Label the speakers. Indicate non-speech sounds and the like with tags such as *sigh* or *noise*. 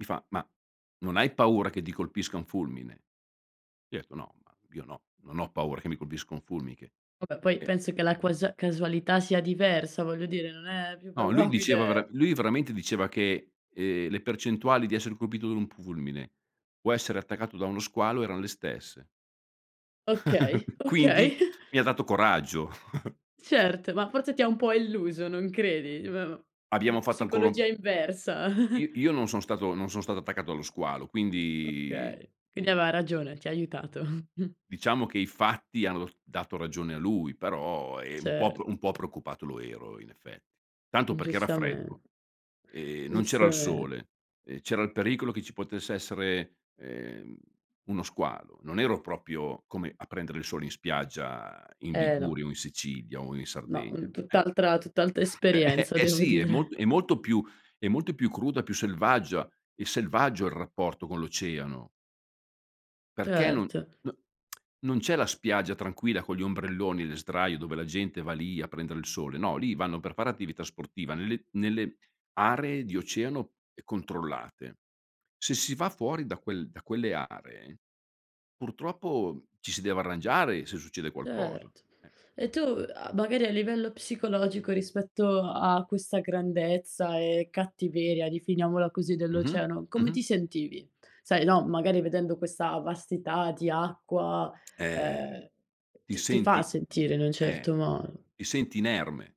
Speaker 1: Mi fa: "Ma, non hai paura che ti colpisca un fulmine?" Gli ho detto: "No, ma io no, non ho paura che mi colpisca un fulmine."
Speaker 2: Vabbè, poi
Speaker 1: E
Speaker 2: penso che la cuas casualità sia diversa, voglio dire, non è più
Speaker 1: No, lui diceva vera
Speaker 2: probabile
Speaker 1: lui veramente diceva che, ehm, le percentuali di essere colpito da un fulmine o essere attaccato da uno squalo erano le stesse.
Speaker 2: Okay,
Speaker 1: *chuckles* Quindi,
Speaker 2: okay. *chuckles*
Speaker 1: mi ha dato coraggio. *chuckles*
Speaker 2: Certo, ma forse ti ha un po' illuso, non credi? Eh beh ma
Speaker 1: Abbiamo
Speaker 2: mhmm,
Speaker 1: fatto ancora un p
Speaker 2: psicologia inversa. *chuckles*
Speaker 1: I io non sono stato non sono stato attaccato dallo squalo, quindi
Speaker 2: Okay. Quindi
Speaker 1: mh.
Speaker 2: aveva ragione, ti ha aiutato. *chuckles*
Speaker 1: Diciamo che i fatti hanno d dato ragione a lui, però è un po' p un
Speaker 2: Cert
Speaker 1: po' preoccupato lo ero in effetti. Tanto
Speaker 2: Mh,
Speaker 1: perché era freddo,
Speaker 2: giustamen
Speaker 1: ehm, non c'era il
Speaker 2: Giustamente.
Speaker 1: sole, ehm, c'era il pericolo che ci potesse essere, ehm, uno squalo; non ero proprio come a prendere il sole in spiaggia in
Speaker 2: Eh, no.
Speaker 1: Liguria o in Sicilia o in
Speaker 2: No.
Speaker 1: Sardegna,
Speaker 2: Un
Speaker 1: eh.
Speaker 2: tutt'altra tutt'altra
Speaker 1: Eh, *chuckles*
Speaker 2: esperienza
Speaker 1: eh,
Speaker 2: devo
Speaker 1: sì. È
Speaker 2: dire.
Speaker 1: molt è molto più è molto più cruda, più selvaggia. È selvaggio il rapporto con l'oceano. Perché non no
Speaker 2: Certo.
Speaker 1: *smacks lips* non c'è la spiaggia tranquilla con gli ombrelloni, le sdraie dove la gente va lì a prendere il sole. No, lì vanno per fare attività sportiva nelle nelle aree di oceano e controllate. Se si va fuori da quel da quelle aree, purtroppo ci si deve arrangiare se succede qualcosa, eh.
Speaker 2: Certo. E tu a magari a livello psicologico rispetto a questa grandezza e cattiveria, definiamola così,
Speaker 1: Mh-mh.
Speaker 2: dell'oceano, come
Speaker 1: Mh-mh.
Speaker 2: ti sentivi? Sai no, magari vedendo questa vastità di acqua,
Speaker 1: Eh.
Speaker 2: ehm,
Speaker 1: Ti
Speaker 2: ti ti fa
Speaker 1: senti
Speaker 2: sentire in un certo
Speaker 1: eh.
Speaker 2: modo.
Speaker 1: Ti senti inerme.